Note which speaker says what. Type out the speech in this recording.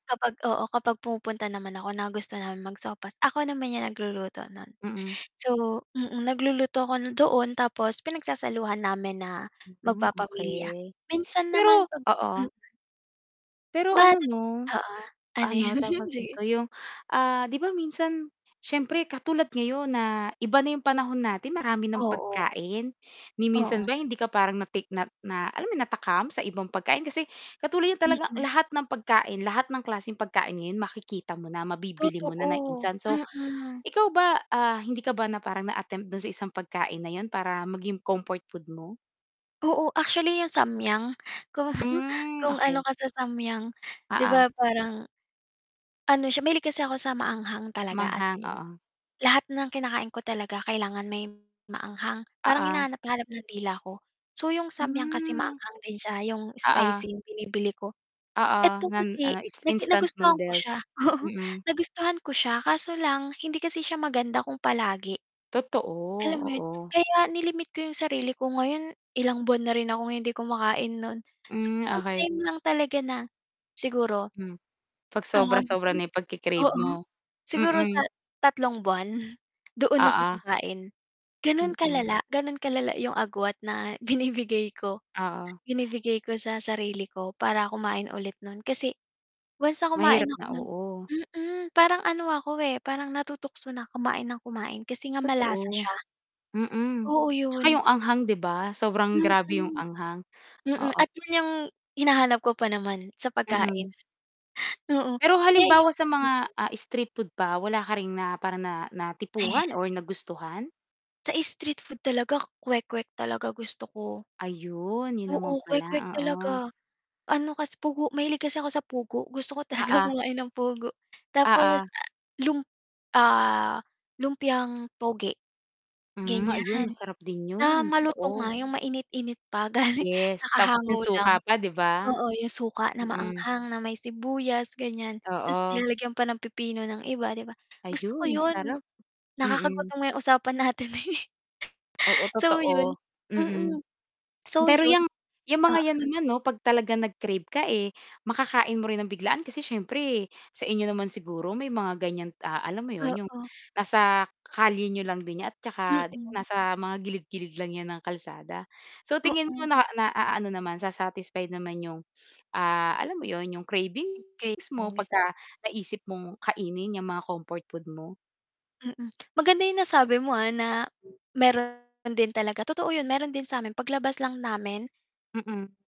Speaker 1: Kapag oo, kapag pumupunta naman ako, nagustuhan mag-sopas, ako naman yan nagluluto nun,
Speaker 2: Mm.
Speaker 1: so mm, nagluluto ako doon tapos pinagsasaluhan namin na
Speaker 2: Mm,
Speaker 1: magpapamilya,
Speaker 2: okay.
Speaker 1: minsan naman
Speaker 2: Pero
Speaker 1: pag
Speaker 2: oo
Speaker 1: hmm
Speaker 2: Pero ano
Speaker 1: [unintelligible]
Speaker 2: no,
Speaker 1: oo, ano
Speaker 2: ano,
Speaker 1: 'yun,
Speaker 2: tawag
Speaker 1: sige.
Speaker 2: dito yung, ah, 'di ba, minsan siyempre katulad ngayon na iba na yung panahon natin, marami ng
Speaker 1: Oo.
Speaker 2: pagkain, ni
Speaker 1: Oo.
Speaker 2: minsan ba hindi ka parang natik na na alam mo yun natakam sa ibang pagkain. Kasi katulad niya talaga
Speaker 1: Mm.
Speaker 2: lahat ng pagkain, lahat ng klaseng pagkain ngayon makikita mo na, mabibili mo na ng
Speaker 1: Totoo,
Speaker 2: instant. So,
Speaker 1: Mm.
Speaker 2: ikaw ba, ah, hindi ka ba na parang na-attempt dun sa isang pagkain na yun para maging comfort food mo?
Speaker 1: Oo, actually 'yang Samyang, kung
Speaker 2: Hmm
Speaker 1: kung ano
Speaker 2: okey.
Speaker 1: ka sa Samyang, 'di
Speaker 2: Oo.
Speaker 1: ba, parang ano siya, mahilig kasi ako sa maanghang talaga, as
Speaker 2: Maanghang,
Speaker 1: in,
Speaker 2: oo.
Speaker 1: lahat ng kinakain ko talaga kailangan may maanghang, parang
Speaker 2: Oo.
Speaker 1: hinahanap-hanap ng dila ko, So, yung Samyang kasi
Speaker 2: Hmm.
Speaker 1: maanghang din siya, 'yong
Speaker 2: Oo.
Speaker 1: spicy binibili ko.
Speaker 2: Oo,
Speaker 1: Eto
Speaker 2: nan
Speaker 1: kasi
Speaker 2: ano, ins
Speaker 1: nag
Speaker 2: instant
Speaker 1: nagustuhan ko
Speaker 2: noodles,
Speaker 1: siya oo,
Speaker 2: mm.
Speaker 1: nagustuhan ko siya, kaso lang hindi kasi siya maganda kung palagi.
Speaker 2: Totoo,
Speaker 1: Alam mo yun,
Speaker 2: oo.
Speaker 1: kaya ni-limit ko yung sarili ko ngayon, ilang buwan na rin akong hindi kumakain nun, So
Speaker 2: Hmm,
Speaker 1: may
Speaker 2: okey.
Speaker 1: time lang talaga na siguro
Speaker 2: Hmm, pag
Speaker 1: ah,
Speaker 2: sobra-sobra na
Speaker 1: siguro
Speaker 2: yung pagke-crave
Speaker 1: oo,
Speaker 2: mo?
Speaker 1: siguro sa
Speaker 2: Mm.
Speaker 1: 3 buwan doon ako
Speaker 2: Oo.
Speaker 1: kakain ganun
Speaker 2: Mm.
Speaker 1: kalala, ganun kalala 'yung agwat na binibigay ko,
Speaker 2: Oo.
Speaker 1: binibigay ko sa sarili ko para kumain ulit no'n. Kasi once na kumain
Speaker 2: Mahirap
Speaker 1: ako
Speaker 2: na
Speaker 1: no'n
Speaker 2: oo.
Speaker 1: mm, parang ano ako, eh, parang natutukso na kumain ng kumain kasi nga malasa
Speaker 2: Totoo,
Speaker 1: siya.
Speaker 2: mm,
Speaker 1: Oo
Speaker 2: 'tsaka
Speaker 1: yun.
Speaker 2: yung anghang, 'di ba? Sobrang
Speaker 1: Mm,
Speaker 2: grabe yung anghang,
Speaker 1: mm.
Speaker 2: oo.
Speaker 1: At 'yun 'yung hinahanap ko pa naman sa pagkain.
Speaker 2: Mm.
Speaker 1: Mm,
Speaker 2: Pero
Speaker 1: kaya
Speaker 2: halimbawa
Speaker 1: yung
Speaker 2: sa
Speaker 1: mm.
Speaker 2: mga, ah, street food pa, wala ka ring na parang na
Speaker 1: Ayan.
Speaker 2: natipuhan or nagustuhan?
Speaker 1: Sa street food talaga, kwek-kwek talaga gusto ko.
Speaker 2: Ayun, yun
Speaker 1: Oo
Speaker 2: naman pala
Speaker 1: kwek-kwek talaga,
Speaker 2: oo.
Speaker 1: ano kasi pugo mahilig kasi ako sa pugo gusto ko talaga
Speaker 2: Oo.
Speaker 1: kumain ng pugo tapos,
Speaker 2: Oo.
Speaker 1: ah, lump ah, lumpiang toge.
Speaker 2: Hmm, ayun,
Speaker 1: Ganyan,
Speaker 2: masarap din
Speaker 1: na
Speaker 2: yun,
Speaker 1: malutong nga,
Speaker 2: totoo.
Speaker 1: yung mainit-init pa galing
Speaker 2: Yes, tapos
Speaker 1: kakahango
Speaker 2: 'yung
Speaker 1: lang,
Speaker 2: suka pa, 'di ba?
Speaker 1: oo yung suka na
Speaker 2: Mm.
Speaker 1: maanghang, na may sibuyas, ganyan. 'Tas
Speaker 2: Oo.
Speaker 1: nilalagyan pa ng pipino ng iba 'di ba, gusto ko
Speaker 2: Ayun,
Speaker 1: yun,
Speaker 2: sarap, mm.
Speaker 1: nakakagutom nga yung usapan natin, eh.
Speaker 2: Oo,
Speaker 1: So, yun
Speaker 2: totoo, mm.
Speaker 1: mm, so,
Speaker 2: Pero
Speaker 1: yun,
Speaker 2: 'yang, 'yang mga
Speaker 1: ah.
Speaker 2: yan naman, 'no, pag talaga nag-crave ka, eh, makakain mo rin ng biglaan, kasi syempre sa inyo naman siguro may mga ganyan, ah, alam mo yun yung
Speaker 1: Oo.
Speaker 2: nasa kalye n'yo lang din niya at tsaka, 'di ba,
Speaker 1: Mm.
Speaker 2: nasa mga gilid-gilid lang 'yan ng kalsada. So, tingin mo
Speaker 1: Oo.
Speaker 2: na na-aano naman sa-satisfied naman yung, ah, alam mo 'yun, 'yung cravings mo
Speaker 1: Cravings.
Speaker 2: 'pagka naisip mong kainin yang mga comfort food mo.
Speaker 1: Mm, maganda yung nasabi mo, ah, na meron din talaga totoo, 'yun, meron din samin paglabas lang namin.
Speaker 2: Mm.